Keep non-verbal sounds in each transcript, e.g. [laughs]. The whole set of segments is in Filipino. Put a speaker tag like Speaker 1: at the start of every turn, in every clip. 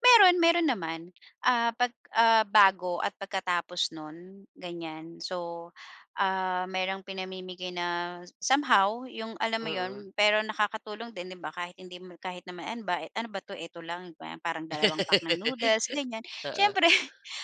Speaker 1: Meron, meron naman, ah, pag, ah, bago at pagkatapos non, ganyan. So, um, merong pinamimigay na somehow yung alam mo,
Speaker 2: Mhm.
Speaker 1: 'yun? Pero nakakatulong din, 'di ba, kahit hindi mo kahit na maemba, ano ba 'to? Eto lang? Gwe parang dalawang pack ng
Speaker 2: [laughs]
Speaker 1: noodles, ganyan.
Speaker 2: Oo.
Speaker 1: Siyempre,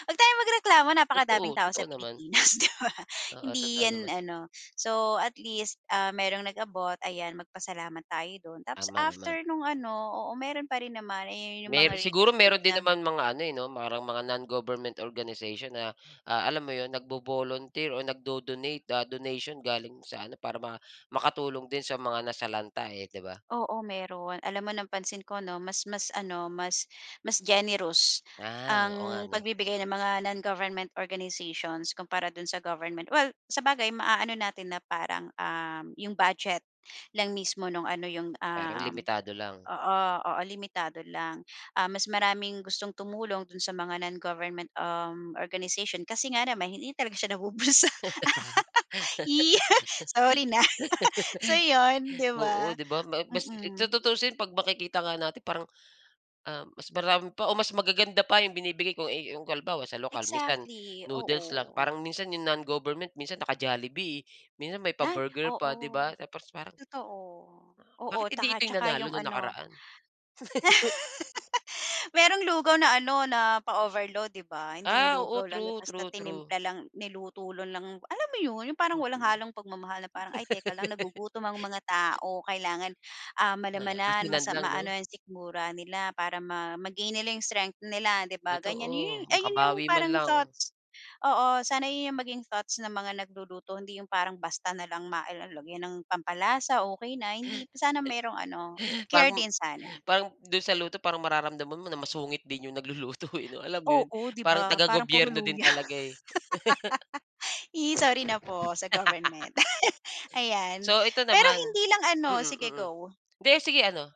Speaker 1: huwag tayong magreklamo, napakadaming
Speaker 2: Totoo.
Speaker 1: tao sa
Speaker 2: Totoo naman.
Speaker 1: Pilipinas, 'di ba.
Speaker 2: Oo,
Speaker 1: Hindi
Speaker 2: totoo
Speaker 1: 'yan,
Speaker 2: naman.
Speaker 1: ano. So at least, ah, merong nag-abot, ayan, magpasalamat tayo dun. Tapos,
Speaker 2: Tama naman.
Speaker 1: after nung, ano, oo, meron pa rin naman, eh, yun yung mga
Speaker 2: Mer siguro
Speaker 1: relief goods
Speaker 2: meron din
Speaker 1: na
Speaker 2: naman mga ano, eh, 'no, parang mga non-government organization na, ah, alam mo yun nagbo-volunteer o nagdo-donate, ah, donation galing sa ano, para ba makatulong din sa mga nasalanta, eh, di ba?
Speaker 1: Oo, meron. Alam mo, napansin ko, 'no, mas mas ano, mas mas generous
Speaker 2: Ah, oo nga,
Speaker 1: ang
Speaker 2: 'no.
Speaker 1: pagbibigay ng mga non-government organizations kumpara do'n sa government. Well, sabagay, maano natin na parang, um, 'yong budget lang mismo no'ng ano 'yong,
Speaker 2: Parang
Speaker 1: um
Speaker 2: limitado lang.
Speaker 1: oo, oo, limitado lang. Ah, mas maraming gustong tumulong do'n sa mga non-government, um, organization kasi nga naman hi, hindi talaga siya nabubulsa. [laughs] Eh, sorry na. [laughs] So, 'yon,
Speaker 2: [laughs]
Speaker 1: di
Speaker 2: Oo,
Speaker 1: ba?
Speaker 2: di ba, ma bas eh,
Speaker 1: Mm.
Speaker 2: tutuusin pag makikita nga natin parang, um, mas marami pa o mas magaganda pa yung binibigay ko, eh, yung kalbawa sa lokal minsan,
Speaker 1: Exactly,
Speaker 2: noodles lang.
Speaker 1: oo.
Speaker 2: Parang minsan yung non-government minsan naka-Jollibee, minsan may
Speaker 1: Ay,
Speaker 2: pa-burger pa, di
Speaker 1: oo,
Speaker 2: ba tapos parang
Speaker 1: totoo, oo
Speaker 2: Bakit hindi
Speaker 1: taka
Speaker 2: ito yung
Speaker 1: tsaka
Speaker 2: nanalo
Speaker 1: yung
Speaker 2: nung
Speaker 1: ano
Speaker 2: nakaraan? [laughs]
Speaker 1: [laughs] Merong lugaw na ano na pa-overload, di ba? Hindi yung
Speaker 2: Ah, oo,
Speaker 1: lugaw lang na
Speaker 2: true,
Speaker 1: basta
Speaker 2: true, true.
Speaker 1: tinimpla lang, niluto lo lang, alam mo yun, yung parang walang
Speaker 2: Mm.
Speaker 1: halong pagmamahal, na parang, ay teka lang
Speaker 2: [laughs]
Speaker 1: nagugutom ang mga tao, kailangan, um,
Speaker 2: Oo,
Speaker 1: malamanan mas,
Speaker 2: asinan
Speaker 1: am
Speaker 2: lang
Speaker 1: maano
Speaker 2: 'no?
Speaker 1: yung sikmura nila para ma ma-gain nilang strength nila, di ba ganyan. Yun
Speaker 2: Totoo.
Speaker 1: ay yun yung
Speaker 2: Makabawi man
Speaker 1: parang
Speaker 2: lang.
Speaker 1: thoughts oo, sana yun yung maging thoughts ng mga nagluluto, hindi yung parang basta na lang ma el el lagyan ng pampalasa, okey na, hindi sana merong ano, care
Speaker 2: Bagum
Speaker 1: din sana.
Speaker 2: parang dun sa luto parang mararamdaman mo na masungit din yung nagluluto, eh, 'no? Alam mo yun?
Speaker 1: Oo, di
Speaker 2: Parang
Speaker 1: ba, parang puro
Speaker 2: taga-gobyerno din
Speaker 1: luya.
Speaker 2: talaga, eh. [laughs]
Speaker 1: [laughs] Eh, sorry na po sa government.
Speaker 2: [laughs]
Speaker 1: [laughs] Ayan,
Speaker 2: So, ito
Speaker 1: pero
Speaker 2: naman
Speaker 1: hindi lang, ano
Speaker 2: mm,
Speaker 1: sige,
Speaker 2: mm.
Speaker 1: go.
Speaker 2: Hindi sige, ano?